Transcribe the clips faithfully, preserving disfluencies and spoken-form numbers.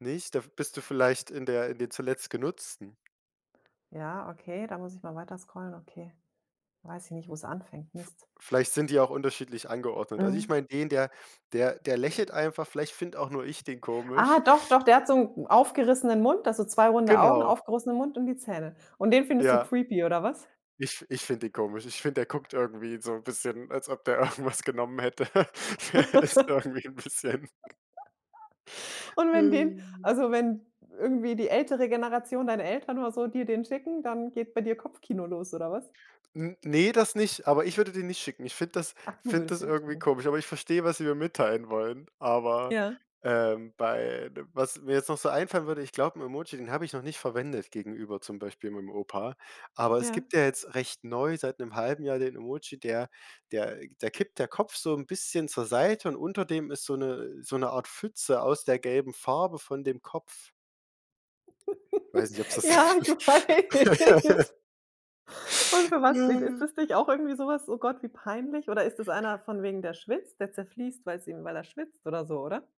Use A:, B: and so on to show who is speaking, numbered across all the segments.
A: Nicht? Da v bist du vielleicht in der in den zuletzt Genutzten.
B: Ja, okay, da muss ich mal weiter scrollen, okay. Weiß ich nicht, wo's anfängt,
A: V
B: Mist.
A: vielleicht sind die auch unterschiedlich angeordnet. Also ich
B: Mhm.
A: meine den, der der der lächelt einfach, vielleicht finde auch nur ich den
B: Ah,
A: komisch.
B: doch, doch, der hat so 'n 'n aufgerissenen Mund, also, zwei runde Augen,
A: Genau.
B: aufgerissenen Mund und die Zähne. Und den findest du
A: Ja.
B: creepy oder was?
A: Ich f ich finde den komisch. Ich finde, der guckt irgendwie so 'n bisschen, als ob der irgendwas genommen hätte. Der ist irgendwie 'n bisschen
B: Und wenn den also, wenn irgendwie die ältere Generation, deine Eltern oder so, dir den schicken, dann geht bei dir Kopfkino los oder was?
A: N ne, das nicht, aber ich würde den nicht schicken. Ich finde das
B: Ach du
A: finde
B: würdest
A: das
B: den nicht
A: irgendwie
B: schicken.
A: komisch, aber ich verstehe, was sie mir mitteilen wollen, aber,
B: Ja.
A: ähm, bei d was mir jetzt noch so einfallen würde, ich glaube, 'n Emoji, den habe ich noch nicht verwendet gegenüber zum Beispiel meinem Opa, aber es
B: Ja.
A: gibt ja jetzt recht neu seit 'nem halben Jahr den Emoji, der der da kippt der Kopf so 'n bisschen zur Seite und unter dem ist so 'ne so 'ne Art Pfütze aus der gelben Farbe von dem Kopf. Weiß nicht, ob's
B: Ja, ich
A: das
B: weiß. Und für was steht ist das nicht auch irgendwie so was: „Oh Gott, wie peinlich?“ Oder ist das einer von wegen, der schwitzt, der zerfließt, weil's ihm weil er schwitzt oder so, oder?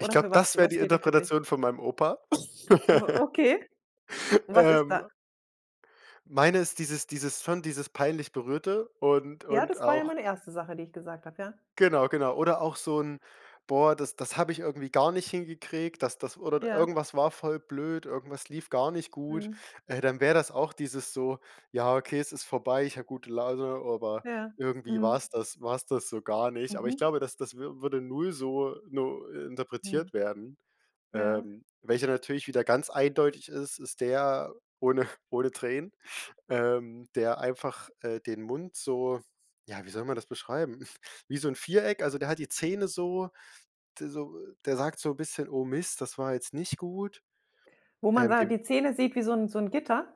A: Ich glaube,
B: für was
A: das wäre
B: was
A: die
B: steht der für dich?
A: Interpretation von meinem Opa.
B: O okay. Was ist da?
A: Ähm Meine ist dieses dieses son dieses peinlich Berührte und
B: Ja,
A: und
B: das war ja
A: auch
B: meine erste Sache, die ich gesagt habe, ja.
A: genau, genau. Oder auch so 'n: „Boah das das habe ich irgendwie gar nicht hin gekriegt. Das das oder
B: Ja.
A: irgendwas war voll blöd, irgendwas lief gar nicht gut.“
B: Mhm.
A: Äh dann wäre das auch dieses so: „Ja okay, es ist vorbei. Ich habe gute Laune, aber
B: Ja,
A: irgendwie
B: mhm.
A: war's das war 's das so gar nicht.“ Aber ich
B: Mhm.
A: glaube, das das wür würde null so no
B: Mhm.
A: interpretiert werden.
B: Ja.
A: Ähm, welcher natürlich wieder ganz eindeutig ist, ist der ohne ohne Tränen, ähm, der einfach, äh, den Mund so, ja, wie soll man das beschreiben, wie so 'n Viereck also der hat die Zähne so d so der sagt so 'n bisschen: „Oh Mist, das war jetzt nicht gut.“
B: Wo man
A: Ähm,
B: da
A: dem
B: die Zähne sieht wie so 'n so 'n Gitter?